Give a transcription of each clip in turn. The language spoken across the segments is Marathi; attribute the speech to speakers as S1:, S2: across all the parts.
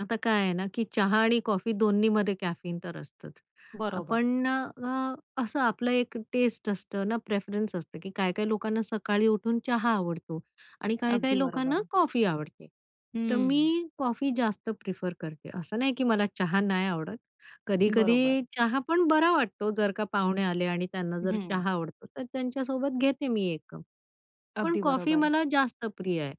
S1: आता काय आहे ना, की चहा आणि कॉफी 2न्हीमध्ये कॅफीन तर असतच, अ,
S2: बरोबर.
S1: पण अ, असं आपलं एक टेस्ट असतं ना, प्रेफरन्स असतं की काही-काही लोकांना सकाळी उठून चहा आवडतो आणि
S2: अगदी
S1: काही-काही लोकांना
S2: बरोबर.
S1: कॉफी आवडते. तर
S2: हं.
S1: मी कॉफी जास्त प्रेफर करते. असं नाही की मला चहा नाही आवडत,
S2: बरोबर.
S1: कधी-कधी चहा पण बरा वाटतो, जर का पाहुणे आले आणि त्यांना जर
S2: हं.
S1: चहा आवडतो तर त्यांच्यासोबत घेते मी 1 कप. पण
S2: अगदी
S1: कॉफी
S2: बरोबर.
S1: मला जास्त प्रिय आहे.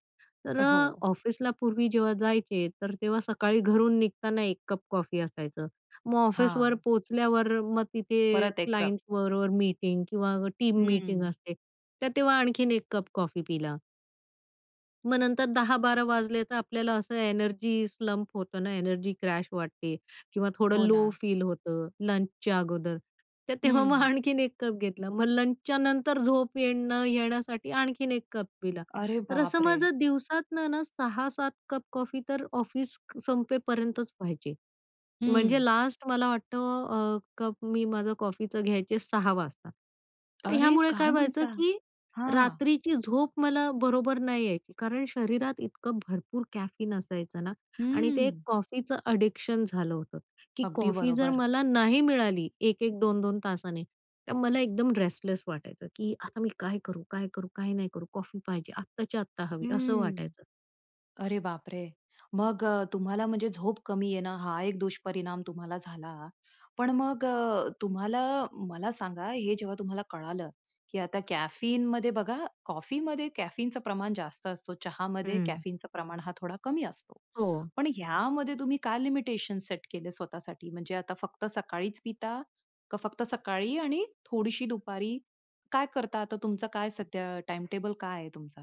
S1: तर अ,
S2: हो.
S1: ऑफिसला पूर्वी जेव्हा जायचे तर तेव्हा सकाळी घरून निघताना 1 कप कॉफी असायचा. मग ऑफिसवर
S2: हां.
S1: पोहोचल्यावर मग तिथे
S2: परत 1 कप.
S1: क्लायंट्सबरोबर मीटिंग किंवा टीम मीटिंग
S2: हं.
S1: असते, तर तेव्हा आणखीन 1 कप कॉफी पिला. मग नंतर 10-12 वाजले तर आपल्याला असं एनर्जी स्लंप होतं ना, एनर्जी क्रॅश वाटते किंवा थोडं
S2: हो
S1: लो
S2: ना.
S1: फील होतं, लंचच्या अगोदर. तर तेव्हा मग
S2: हं.
S1: आणखीन 1 कप घेतला. मग लंचच्या नंतर झोप येणं न नये यासाठी आणखीन 1 कप पिला.
S2: अरे
S1: तर असं
S2: बापरे!
S1: माझं दिवसातून ना 6-7 कप कॉफी तर ऑफिस क संपेपर्यंतच प्यायचे. म्हणजे
S2: हं.
S1: लास्ट मला वाटतं अ, कप मी माझं कॉफीचं घ्यायचे 6 वाजता. तर
S2: अरे
S1: यामुळे
S2: काय
S1: काय व्हायचं
S2: म्हणता?
S1: की
S2: हां.
S1: रात्रीची झोप मला बरोबर नाही यायची, कारण शरीरात इतकं भरपूर कॅफीन असायचं ना आणि ते
S2: हं.
S1: कॉफीचं एडिक्शन झालं होतं, की
S2: अगदी
S1: कॉफी जर
S2: बरोबर.
S1: मला नाही मिळाली 1-1 2-2 तासांनी तर मला एकदम रेस्टलेस वाटायचं, की आता मी काय करू? काय करू? काय नाही करू, कॉफी पाहिजे आत्ताच्या आत्ता हवी, असं
S2: हं,
S1: वाटायचं.
S2: अरे बापरे! मग अ, तुम्हाला म्हणजे झोप कमी येणं ना हा एक दुष्परिणाम तुम्हाला झाला. पण मग अ, तुम्हाला मला सांगा, हे जेव्हा तुम्हाला कळालं, की आता कॅफीनमध्ये बघा, कॉफीमध्ये कॅफीनचं प्रमाण जास्त असतं, चहामध्ये
S1: हं.
S2: कॅफीनचं प्रमाण हा थोडं कमी असतो.
S1: हो.
S2: पण यामध्ये तुम्ही काय लिमिटेशन सेट केले स्वतःसाठी? म्हणजे आता फक्त सकाळीच पिता? का फक्त सकाळीही आणि थोडीशी दुपारी? काय करता आता, तुमचा काय सध्या टाईम टेबल काय आहे तुमचा?